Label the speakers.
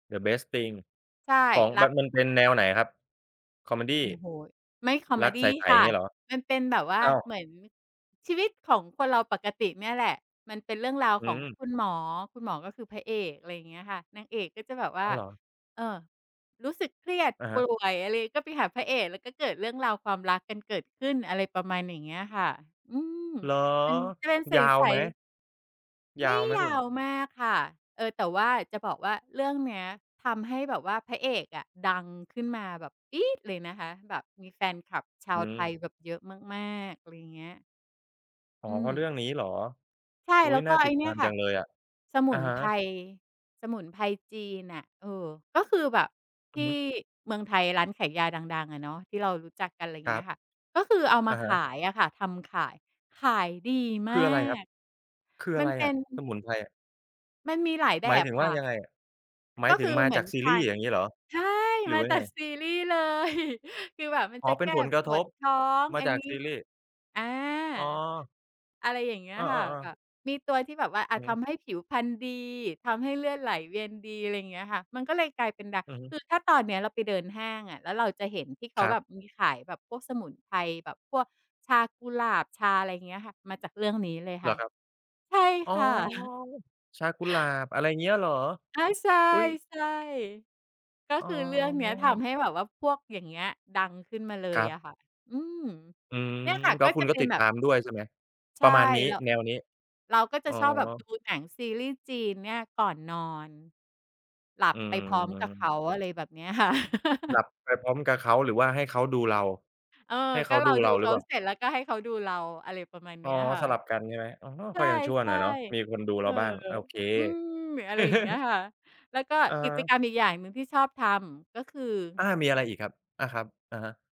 Speaker 1: The Best Thing
Speaker 2: ใช่
Speaker 1: ของ
Speaker 2: รั
Speaker 1: มั
Speaker 2: ก
Speaker 1: น มันเป็นแนวไหนครับ คอเมดี
Speaker 2: โอ้โฮ ไม่ คอเ
Speaker 1: ร
Speaker 2: ม
Speaker 1: ัก
Speaker 2: ดี
Speaker 1: ใส
Speaker 2: ค
Speaker 1: ๆ อย
Speaker 2: ่
Speaker 1: ่า
Speaker 2: ะ
Speaker 1: งเงี้ยเหรอ?
Speaker 2: มันเป็นแบบว่า
Speaker 1: อ้าว
Speaker 2: เหมือนชีวิตของคนเราปกติเนี่ยแหละ มันเป็นเรื่องราว
Speaker 1: อื
Speaker 2: ของ
Speaker 1: ม
Speaker 2: คุณหมอ คุณหมอก็คือพระเอก อะไรอย่างเงี้ยค่ะ นางเอกก็จะแบบว่
Speaker 1: อ้
Speaker 2: า
Speaker 1: าว เหรอ?
Speaker 2: เอ่อ รู้สึกเครียด
Speaker 1: อะ
Speaker 2: ป
Speaker 1: ฮ
Speaker 2: ่
Speaker 1: ะ
Speaker 2: วยอะไรก็ไปหาพระเอก แล้วก็เกิดเรื่องราวความรักกันเกิดขึ้น อะไรประมาณอย่างเงี้ยค่ะ อืม
Speaker 1: เหรอ
Speaker 2: มันจะเป็นใ
Speaker 1: ยาว
Speaker 2: ส
Speaker 1: ไหม?
Speaker 2: ๆ
Speaker 1: ย
Speaker 2: ไม
Speaker 1: า
Speaker 2: ่
Speaker 1: วไหม
Speaker 2: ย
Speaker 1: คุ
Speaker 2: า
Speaker 1: ณ?
Speaker 2: วมากค่ะ เออ แต่ว่าจะบอกว่าเรื่องเนี้ยทำให้แบบว่าพระเอกอะดังขึ้นมาแบบปี๊ดเลยนะคะ แบบมีแฟนคลับช
Speaker 1: อ
Speaker 2: า
Speaker 1: ื
Speaker 2: วไทย
Speaker 1: ม
Speaker 2: แบบเยอะมาก ๆ อะไรอย่างเงี้ย
Speaker 1: อ๋อ
Speaker 2: อื
Speaker 1: เพราะเร
Speaker 2: ม
Speaker 1: ื่องนี้เหรอ?
Speaker 2: ใช่
Speaker 1: อุ๊
Speaker 2: แล้
Speaker 1: ย
Speaker 2: วก
Speaker 1: น่
Speaker 2: ็
Speaker 1: า
Speaker 2: ไ
Speaker 1: ต
Speaker 2: อ้
Speaker 1: ิด
Speaker 2: เ
Speaker 1: ต
Speaker 2: นี่
Speaker 1: า
Speaker 2: ย
Speaker 1: ม
Speaker 2: ค
Speaker 1: จ
Speaker 2: ่
Speaker 1: ั
Speaker 2: ะ
Speaker 1: งเลยอะ
Speaker 2: สม
Speaker 1: อ
Speaker 2: ุ
Speaker 1: ะ
Speaker 2: น
Speaker 1: ฮะ
Speaker 2: ไพร สมุนไพรจีนน่ะ เออ ก็คือแบบ
Speaker 1: อ
Speaker 2: ท
Speaker 1: ื
Speaker 2: ี
Speaker 1: อ
Speaker 2: ่
Speaker 1: ฮึ
Speaker 2: เมืองไทยร้านขายยาดัง ๆ อะเนาะ ที่เรารู้จักกัน อะไรอย่า
Speaker 1: ค
Speaker 2: งเ
Speaker 1: ร
Speaker 2: งี
Speaker 1: ั
Speaker 2: ้
Speaker 1: บ
Speaker 2: ยค่ะ ก็คือเอาม
Speaker 1: อ
Speaker 2: า
Speaker 1: ะ
Speaker 2: ข
Speaker 1: ฮะ
Speaker 2: ายอะค่ะ ทำขาย ขายดี
Speaker 1: ค
Speaker 2: มา
Speaker 1: ืออะไรครับ?
Speaker 2: ก
Speaker 1: คือ
Speaker 2: ม
Speaker 1: อะ
Speaker 2: ัน
Speaker 1: ไร
Speaker 2: เป็
Speaker 1: อะ?
Speaker 2: น
Speaker 1: สมุนไพรอะ
Speaker 2: มันมีหลายแบ
Speaker 1: หมาย
Speaker 2: บ
Speaker 1: ถึงว
Speaker 2: ค
Speaker 1: ่
Speaker 2: ่
Speaker 1: า
Speaker 2: ะ
Speaker 1: ยังไง หมา
Speaker 2: ก
Speaker 1: ย
Speaker 2: ็
Speaker 1: ถึ
Speaker 2: ค
Speaker 1: ง
Speaker 2: ือ
Speaker 1: มา
Speaker 2: เหมื
Speaker 1: จา
Speaker 2: อน
Speaker 1: กซี
Speaker 2: ท
Speaker 1: รี
Speaker 2: า
Speaker 1: ย์
Speaker 2: น
Speaker 1: อย่างงี้เหรอ
Speaker 2: ใช่
Speaker 1: หรื
Speaker 2: ม
Speaker 1: อ
Speaker 2: า
Speaker 1: ว่าย
Speaker 2: จ
Speaker 1: ั
Speaker 2: า
Speaker 1: งไง?
Speaker 2: กซีรีย์เลย คือแบบมัน
Speaker 1: อ๋อ
Speaker 2: จะ
Speaker 1: เป
Speaker 2: แ
Speaker 1: ็
Speaker 2: ก
Speaker 1: น
Speaker 2: ้
Speaker 1: ผลกร
Speaker 2: ป
Speaker 1: ะท
Speaker 2: วด
Speaker 1: บ
Speaker 2: ท้อง
Speaker 1: มา
Speaker 2: อั
Speaker 1: จ
Speaker 2: น
Speaker 1: าก
Speaker 2: นี
Speaker 1: ซ
Speaker 2: ้
Speaker 1: ีรีส์
Speaker 2: อา
Speaker 1: อ๋อ
Speaker 2: อะไรอย่างเงี้
Speaker 1: เ
Speaker 2: ย
Speaker 1: อ
Speaker 2: ค่ะ
Speaker 1: อ
Speaker 2: แบ
Speaker 1: ๆ ๆ
Speaker 2: บมีตัวที่แบบว่า อ
Speaker 1: อ
Speaker 2: า
Speaker 1: ือฮ
Speaker 2: ท
Speaker 1: ึ
Speaker 2: ำให้ผิวพรรณดี ทำให้เลือดไหลเวียนดี อะไรอย่างเงี้ยค่ะ มันก็เลยกลายเป็นดัง
Speaker 1: อือฮึ
Speaker 2: คือถ้าตอนเนี้ยเราไปเดินห้างอะ แล้วเราจะเห็นที่เข
Speaker 1: ค
Speaker 2: า
Speaker 1: รั
Speaker 2: แ
Speaker 1: บ
Speaker 2: บบมีขายแบบพวกสมุนไพรแบบพวกชากุหลาบ ชาอะไรอย่างเงี้ย ค่ะ มาจากเรื่องนี้เลย
Speaker 1: เห
Speaker 2: ค
Speaker 1: ร
Speaker 2: ่
Speaker 1: อ
Speaker 2: ะ
Speaker 1: ครับ
Speaker 2: ใช่
Speaker 1: อ๋อ
Speaker 2: ค่ะ
Speaker 1: ชากุหลาบ อะไรอย่างเงี้ยเหรอ?
Speaker 2: อา ใช่
Speaker 1: อุ๊ย
Speaker 2: ๆ ก็
Speaker 1: อ๋
Speaker 2: คือเรื่องเนี้ยท
Speaker 1: อ
Speaker 2: ำให้แบบว่าพวกอย่างเงี้ยดังขึ้นมาเล
Speaker 1: ค
Speaker 2: ย
Speaker 1: รับ
Speaker 2: อะค่ะ อืม
Speaker 1: อืม
Speaker 2: เนี่ยค่ะ
Speaker 1: แล้
Speaker 2: ก็
Speaker 1: วค
Speaker 2: จ
Speaker 1: ุ
Speaker 2: ะ
Speaker 1: ณก
Speaker 2: เ
Speaker 1: ็
Speaker 2: ป็
Speaker 1: ต
Speaker 2: น
Speaker 1: ิด
Speaker 2: แบ
Speaker 1: ต
Speaker 2: บ
Speaker 1: ามด้วยใช่ไหม?
Speaker 2: ใช
Speaker 1: ปร
Speaker 2: ่
Speaker 1: ะมาณนี้
Speaker 2: เรา
Speaker 1: แนวนี้
Speaker 2: เราก็จะ
Speaker 1: อ๋อ
Speaker 2: ชอบแบบดูหนังซีรีส์จีนเนี่ยก่อนนอน หลับ
Speaker 1: อื
Speaker 2: ไปพร้อมกับเข
Speaker 1: ม
Speaker 2: า อะไรแบบเนี้ยค่ะ
Speaker 1: หลับไปพร้อมกับเขา หรือว่าให้เขาดูเรา
Speaker 2: เออ
Speaker 1: ให้เ
Speaker 2: ก
Speaker 1: ข
Speaker 2: ็
Speaker 1: า
Speaker 2: เร
Speaker 1: ด
Speaker 2: า
Speaker 1: ู
Speaker 2: ด
Speaker 1: เ
Speaker 2: ู
Speaker 1: ราห
Speaker 2: เ
Speaker 1: ร
Speaker 2: ข
Speaker 1: ือ
Speaker 2: า
Speaker 1: เปล่า?
Speaker 2: เสร็จ แล้วก็ให้เขาดูเรา อะไรประมาณเ
Speaker 1: อ
Speaker 2: น
Speaker 1: ๋
Speaker 2: ี
Speaker 1: อ
Speaker 2: ้ยค่ะ
Speaker 1: สลับกันใช่ไหม? อ๋อ
Speaker 2: ใ
Speaker 1: ค่อยยังชั่ว
Speaker 2: ช
Speaker 1: หน่
Speaker 2: ่
Speaker 1: อยเนาะ มีคนดู
Speaker 2: ๆ เอ
Speaker 1: เรา
Speaker 2: อ
Speaker 1: บ้าง โอเค
Speaker 2: อืม อะไรอย่างเงี้ย ค่ะ แล้วก็
Speaker 1: อะ
Speaker 2: ก
Speaker 1: ฮ
Speaker 2: ิจก
Speaker 1: ะ
Speaker 2: รรมอีกอย่างหนึ่งที่ชอบทำ ก็คือ
Speaker 1: อา มีอะไรอีกครับ? อา ครับ อะฮะ